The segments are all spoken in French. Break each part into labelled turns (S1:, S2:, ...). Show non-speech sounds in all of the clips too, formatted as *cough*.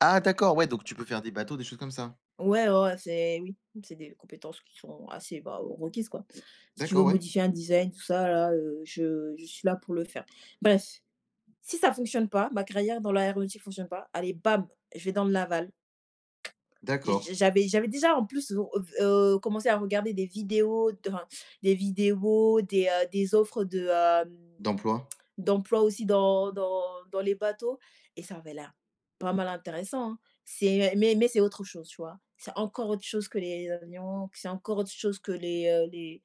S1: Ah d'accord, ouais, donc tu peux faire des bateaux, des choses comme ça?
S2: Ouais, oh, ouais, c'est oui, c'est des compétences qui sont assez, bah, requises, quoi. Si tu veux
S1: D'accord, ouais.
S2: modifier un design, tout ça là, heu, je je suis là pour le faire. Bref, si ça fonctionne pas ma carrière dans l'aéronautique fonctionne pas, allez bam, je vais dans le naval. J'ai
S1: D'accord.
S2: j'avais j'avais déjà en plus v heu, v heu, commencé à regarder des vidéos dans des vidéos des, heu, des offres de heu,
S1: D'emploi.
S2: d'emploi aussi dans dans dans les bateaux et ça avait l'air pas mal intéressant, hein? C'est mais mais, c'est autre chose, tu vois? C'est encore autre chose que les avions, puis c'est encore autre chose que les, heu, les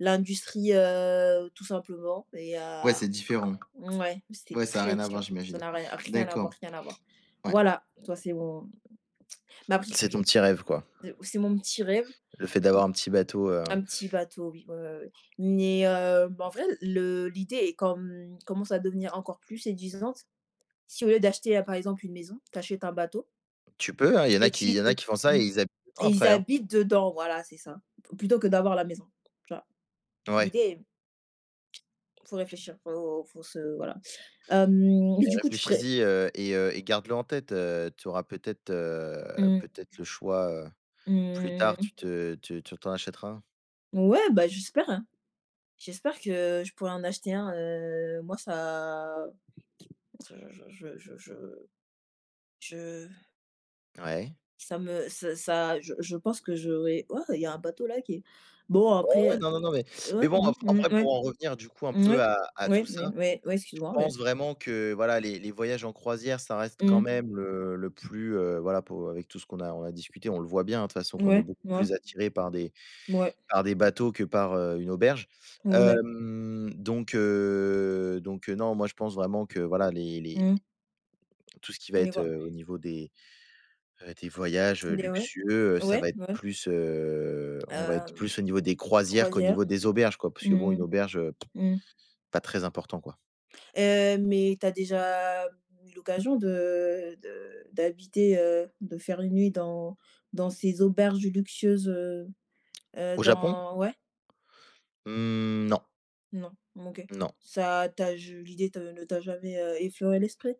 S2: l'industrie, heu, tout simplement et
S1: Ouais
S2: heu,
S1: c'est différent.
S2: mouais c'était
S1: Ouais ça a
S2: très
S1: rien à voir
S2: divin. Ça
S1: j'imagine.
S2: n'a rien, rien à voir,
S1: D'accord.
S2: rien à voir.
S1: Ouais.
S2: Voilà, tu vois, c'est mon ma pri
S1: C'est ton petit rêve, quoi.
S2: c'est mon petit rêve.
S1: Le fait d'avoir un petit bateau, heu
S2: Un petit bateau, oui. Ouais, ouais, ouais, ouais. Mais heu, en vrai le l'idée est comme commence à devenir encore plus séduisante. Si au lieu d'acheter, heu, par exemple, une maison, tu achètes un bateau
S1: Tu peux hein, il y en a
S2: et
S1: qui il
S2: tu
S1: y en a
S2: heu,
S1: qui font ça et
S2: mmh,
S1: ils habitent dedans
S2: et ils
S1: après, hein?
S2: habitent dedans voilà c'est ça plutôt que d'avoir la maison. Tu vois?
S1: Ouais.
S2: L'idée est faut réfléchir, faut faut se voilà. Hem, mais
S1: Beh,
S2: du coup, tu pourrais
S1: réfléchis-y, heu, et heu et garde-le en tête, heu tu auras peut-être, heu,
S2: Mmh.
S1: peut-être le choix, heu, plus
S2: Mmh
S1: tard.
S2: mh, mmh.
S1: Tu te tu t'en achèteras un.
S2: Ouais, bah j'espère, hein? J'espère que je pourrais en acheter un, heu, moi, ça je je je je je je
S1: Ouais.
S2: ça me ça ça je je pense que j'aurais ouah il y a un bateau là qui est bon
S1: Oh ouais,
S2: après
S1: non, non, non mais, mais
S2: ouais,
S1: bon,
S2: mmh,
S1: ap
S2: mmh,
S1: après
S2: ouais,
S1: pour en revenir du coup un peu
S2: ouais,
S1: à à tout
S2: ouais,
S1: ça,
S2: ouais, ouais
S1: je
S2: excuse-moi, ouais.
S1: pense vraiment que voilà les les voyages en croisière ça reste quand
S2: Mmh.
S1: même, heu, le plus, heu, voilà pour avec tout ce qu'on a on a discuté, on le voit bien, hein, de toute façon qu'on est
S2: Ouais,
S1: beaucoup
S2: ouais.
S1: plus attirés par des,
S2: Mouais.
S1: par des bateaux que par, heu, une auberge.
S2: Où on est
S1: Hem, donc heu, donc heu, non, moi je pense vraiment que voilà les, les
S2: Mmh mh.
S1: Tout ce qui va être,
S2: *unintelligible*
S1: heu, au niveau des, heu, des voyages, heu,
S2: Des ouais,
S1: luxueux, heu, ça
S2: ouais,
S1: va être
S2: ouais.
S1: plus, heu, on va être
S2: Hem,
S1: plus au niveau des croisières qu'au
S2: croisière.
S1: niveau des auberges quoi, parce que bon,
S2: Mmh mh.
S1: une auberge, heu,
S2: Mmh.
S1: pas très important, quoi.
S2: Heu, mais tu as déjà eu l'occasion de de d'habiter, heu, de faire 1 nuit dans dans ces auberges luxueuses, heu heu,
S1: Au Japon?
S2: dans ouais?
S1: Mmh, non.
S2: Non, OK.
S1: Non.
S2: Ça t'a je l'idée te ne t'a jamais, heu, effleuré l'esprit?